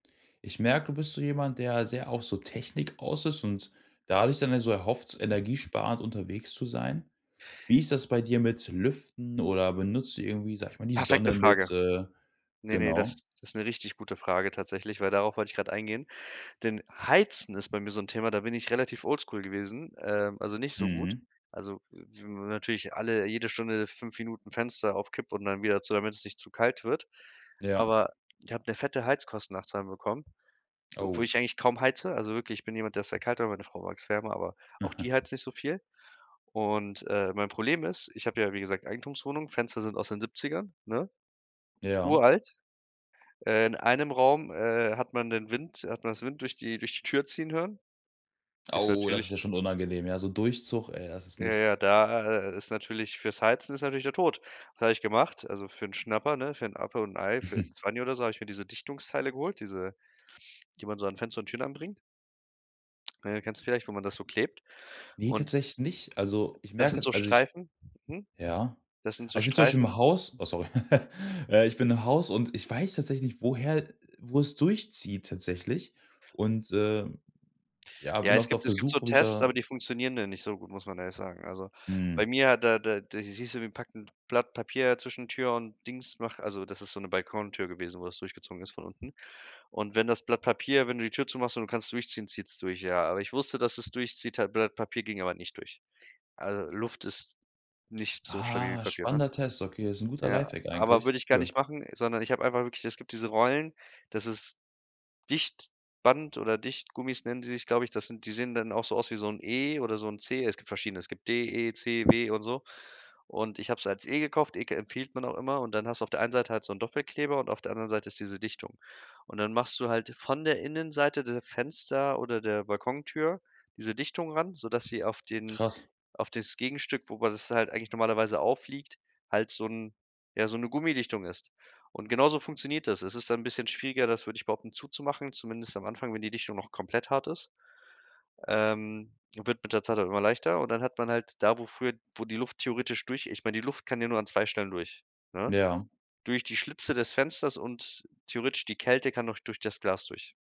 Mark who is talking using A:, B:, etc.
A: Ich merke, du bist so jemand, der sehr auf so Technik aus ist und dadurch dann ja so erhofft, energiesparend unterwegs zu sein. Wie ist das bei dir mit Lüften oder benutzt du irgendwie, sage ich mal, die
B: Perfekte
A: Sonne mit,
B: Frage.
A: äh
B: Ne, ne,
A: genau?
B: das das ist 'ne richtig gute Frage tatsächlich, weil darauf wollte ich gerade eingehen. Denn Heizen ist bei mir so 'n Thema, da bin ich relativ oldschool gewesen, ähm, also, nicht so gut.
A: Mhm.
B: Also, n natürlich alle jede Stunde 5 Minuten Fenster auf Kipp und dann wieder zu, damit es nicht zu kalt wird.
A: Ja.
B: Aber ich habe 'ne fette Heizkostennachzahlung bekommen, obwohl
A: Oh.
B: ich eigentlich kaum heize. Also, wirklich, ich bin jemand, der ist sehr kalt, aber meine Frau mag es wärmer, aber auch
A: Aha.
B: die heizt nicht so viel. Und, äh, mein Problem ist, ich habe ja, wie gesagt, Eigentumswohnung, Fenster sind aus den 70ern, ne?
A: Ja.
B: Uralt. Äh, in einem Raum, äh, hat man den Wind hat man das Wind durch die durch die Tür ziehen hören. Ist
A: Au, das ist
B: natürlich
A: ja schon unangenehm, ja, so Durchzug, ey, das ist
B: Ja, ja,
A: nichts.
B: da, äh, ist natürlich fürs Heizen ist natürlich der Tod. Was habe ich gemacht, also für 'n Schnapper ne, für 'n Apfel und 'n Ei, für 'n Zwanni oder so habe ich mir diese Dichtungsteile geholt, diese die man so an Fenster und Türen anbringt. Ne? Kennst du vielleicht, wo man das so klebt.
A: Ne,
B: Und
A: tatsächlich nicht. Also, ich
B: Das
A: merke
B: sind so
A: jetzt also, ich
B: Streifen. Mhm.
A: ja.
B: Das sind
A: Also,
B: so
A: ich bin zum Beispiel
B: Streifen
A: im Haus. Oh, sorry. Ja, ich bin im Haus, und ich weiß tatsächlich woher wo es durchzieht tatsächlich. Und, äh, ja,
B: Ja,
A: bin
B: es
A: oft auf
B: gibt
A: der
B: es gibt so
A: Suche, wo ich
B: Tests, aber
A: da
B: die funktionieren dann nicht so gut, muss man ehrlich sagen. Also, bei
A: Mhm.
B: mir, da da da siehst du, wir packen Blatt Papier zwischen Tür und Dings, mach also, das ist so 'ne Balkontür gewesen, wo das durchgezogen ist von unten. Und wenn das Blatt Papier wenn du die Tür zumachst und du kannst durchziehen, zieht es durch, ja. Aber ich wusste, dass es durchzieht halt Blatt Papier ging aber nicht durch. Also, Luft ist nicht so stabil wie
A: Ah,
B: Papier, ne?
A: spannender Test. Okay, ist 'n guter
B: Ja,
A: Lifehack
B: aber
A: eigentlich,
B: würde ich gar nicht
A: cool.
B: machen, sondern ich hab einfach wirklich es gibt diese Rollen, das ist Dichtband oder Dichtgummis nennen die sich, glaube ich, das sind die sehen dann auch so aus wie so 'n E oder so 'n C. Es gibt verschiedene, es gibt D, E, C, W und so. Und ich habe es als E gekauft, E empfiehlt man auch immer, und dann hast du auf der einen Seite halt so 'n Doppelkleber und auf der anderen Seite ist diese Dichtung. Und dann machst du halt von der Innenseite der Fenster, oder der Balkontür diese Dichtung ran, sodass sie auf den
A: Krass.
B: auf das Gegenstück, wo man das halt eigentlich normalerweise aufliegt, halt so 'n ja, so 'ne Gummidichtung ist. Und genauso funktioniert das. Es ist dann bisschen schwieriger, das würde ich behaupten, zuzumachen, zumindest am Anfang, wenn die Dichtung noch komplett hart ist. Ähm, wird mit der Zeit immer leichter, und dann hat man halt da, wo früher wo die Luft theoretisch durch ich meine, die Luft kann ja nur an 2 Stellen durch, ne?
A: Ja.
B: Durch die Schlitze des Fensters und theoretisch die Kälte kann noch durch das Glas durch.